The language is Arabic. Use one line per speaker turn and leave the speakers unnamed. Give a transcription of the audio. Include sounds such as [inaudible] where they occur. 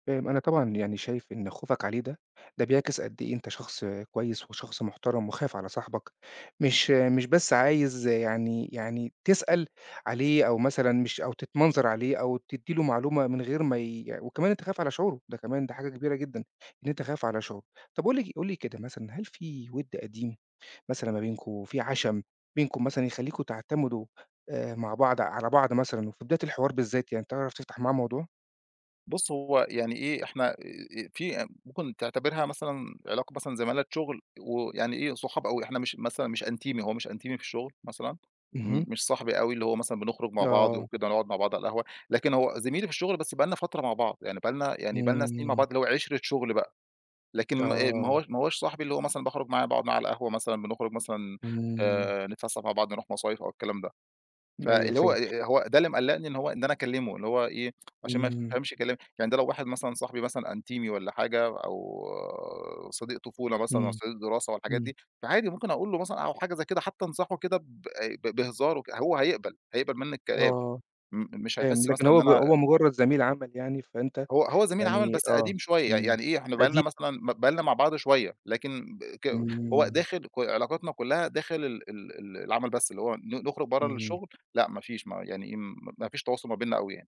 فاهم. أنا طبعًا يعني شايف إن خوفك عليه ده، ده بيعكس قد إيه أنت شخص كويس وشخص محترم وخايف على صاحبك، مش مش بس عايز يعني يعني تسأل عليه أو مثلًا مش أو تتمنظر عليه أو تدّي له معلومة من غير ما ي وكمان أنت خايف على شعوره، ده كمان ده حاجة كبيرة جدًا، إن أنت خايف على شعوره. طَب قل لي ك قل لي كده مثلًا، هل في وِد قديم مثلًا ما بينكم، في عَشَم بينكم مثلًا يخلّيكم تعتمدوا، آآ مع بعض على بعض مثلًا وفي بداية الحوار بالذات يعني، تعرف تفتح معاه موضوع؟
بُص، هو يعني إيه، إحنا آآ، آآ فيه ممكن تعتبرها مثلًا علاقة مثلًا زمالة شُغل و يعني إيه، صحاب أوي، إحنا مش مثلًا مش أنتيمي، هو مش أنتيمي في الشغل مثلًا، م
اهم.
مش صاحبي أوي اللي هو مثلًا بنخرُج مع بعض
آه.
وكده نقعد مع بعض على القهوة، لكن هو زميلي في الشغل بس بقى لنا فترة مع بعض، يعني بقى لنا يعني بقى لنا سِنين مع
إمم.
بعض اللي هو عِشرة شُغل بقى، لكن ما آآ، ما
آه.
هو ما هوّاش صاحبي اللي هو مثلًا باخرُج معاه، باقعد معاه على القهوة مثلًا، بنخرُج مثلًا
إمم.
آآ نتفسَّح مع بعض نروح مصايف أو الكلام ده.
أيوه
فاللي هو
فاهم.
آآ، هو ده اللي مقلّقني إن هو إن أنا أكلّمه اللي هو إيه، عشان ما
إمم.
يفهمش كلام. يعني ده لو واحد مثلًا صاحبي مثلًا أنتيمي والّا حاجة أو صديق طفولة مثلًا أو
إمم.
صديق دراسة والحاجات
إمم.
دي، فعادي ممكن أقول له مثلًا أو حاجة زي كده حتّى أنصحه كده ب ب بهزار وك هو هيقبَل، هيقبَل منّي الكلام،
آه.
م مش
فاهم،
هيحِس
لكن
مثلًا إن
هو ب
أنا
هو مُجرّد زميل عمل يعني، فأنت
هو هو زميل عمل
يعني
بس
آه.
قديم شوية،
إمم.
يعني إيه، إحنا بقى لنا
قديم. [unintelligible]
مثلًا ب بقى لنا مع بعض شوية، لكن ب ك هو
إمم.
داخل ك علاقتنا كُلّها داخل ال ال ال العمل بس، اللي هو ن نخرُج برّه
إمم.
الشغل، لأ ما فيش م يعني إيه، م ما فيش تواصل ما بيننا أوي يعني.